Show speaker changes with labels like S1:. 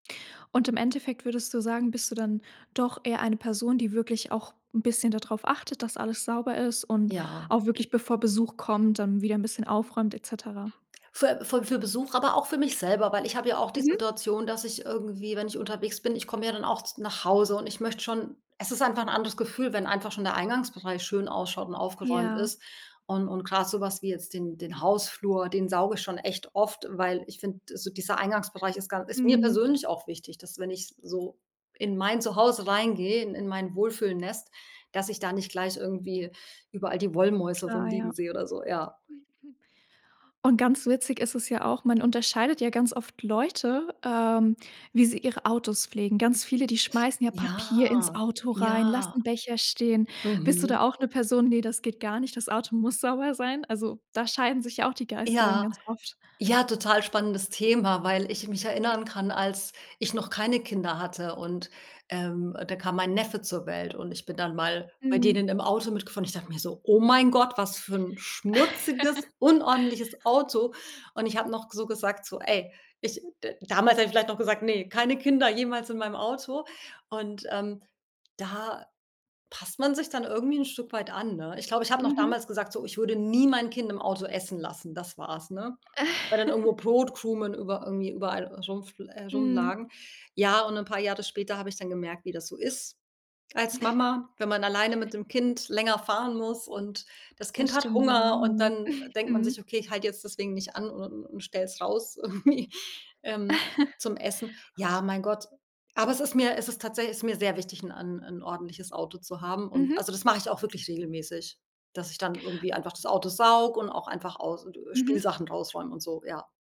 S1: Und im Endeffekt würdest du sagen, bist du dann doch eher eine Person, die wirklich auch 'n bisschen da drauf achtet, dass alles sauber ist und
S2: Ja.
S1: auch wirklich bevor Besuch kommt, dann wieder 'n bisschen aufräumt et cetera?
S2: Für fü für Besuch, aber auch für mich selber, weil ich habe ja auch die
S1: Mhm.
S2: Situation, dass ich irgendwie, wenn ich unterwegs bin ich komme ja dann auch z nach Hause, und ich möchte schon Es ist einfach 'n anderes Gefühl, wenn einfach schon der Eingangsbereich schön ausschaut und aufgeräumt
S1: Ja.
S2: ist. Un und grad so was wie jetzt den den Hausflur, den sauge ich schon echt oft, weil ich find, so dieser Eingangsbereich ist ga ist mir
S1: Mhm.
S2: persönlich auch wichtig, dass wenn ich so in mein Zuhause reingehe, in in mein Wohlfühlnest, dass ich da nicht gleich irgendwie überall die Wollmäuse
S1: Klar, ja.
S2: rumliegen sehe oder so, ja.
S1: Und ganz witzig ist es ja auch man unterscheidet ja ganz oft Leute, ähm, wie sie ihre Autos pflegen. Ganz viele, die schmeißen ja
S2: Ja.
S1: Papier ins Auto rein,
S2: Ja.
S1: lassen Becher stehen. Bist du da
S2: Mhm.
S1: auch 'ne Person ne, das geht gar nicht, das Auto muss sauber sein? Also, da scheiden sich ja auch die Geister dann
S2: Ja.
S1: ganz oft.
S2: Ja, total spannendes Thema, weil ich mich erinnern kann, als ich noch keine Kinder hatte, und, ähm, da kam mein Neffe zur Welt, und ich bin dann mal bei
S1: Mhm.
S2: denen im Auto mitgefahren. Und ich dachte mir so: „Oh mein Gott, was für ein schmutziges, unordentliches Auto!” Und ich hab noch so gesagt so: „Ey” ich d damals hab ich vielleicht noch gesagt: „Ne, keine Kinder jemals in meinem Auto!“ Und, ähm, da passt man sich dann irgendwie 'n Stück weit an, ne? Ich glaube, ich hab noch
S1: Mhm.
S2: damals gesagt, so: „Ich würde nie mein Kind im Auto essen lassen.” Das war's, ne? Weil dann irgendwo Brotkrumen über irgendwie überall rumfl äh,
S1: Mhm.
S2: rumlagen. Ja, und 'n paar Jahre später hab ich dann gemerkt, wie das so ist als Mama, wenn man alleine mit dem Kind länger fahren muss, und das Kind
S1: Das
S2: hat
S1: stimmt, ja,
S2: Hunger, und
S1: mhm.
S2: dann denkt man sich:
S1: Mhm.
S2: „Okay, ich halt jetzt deswegen nicht an un und stell's raus irgendwie ähm, zum Essen.” Ja, mein Gott. Aber es ist mir es ist tatsä ist mir sehr wichtig, 'n- 'n 'n ordentliches Auto zu haben. Und
S1: Mhm.
S2: also das mache ich auch wirklich regelmäßig, dass ich dann irgendwie einfach das Auto sauge und auch einfach aus äh,
S1: Mhm.
S2: Spielsachen rausräume und so, ja.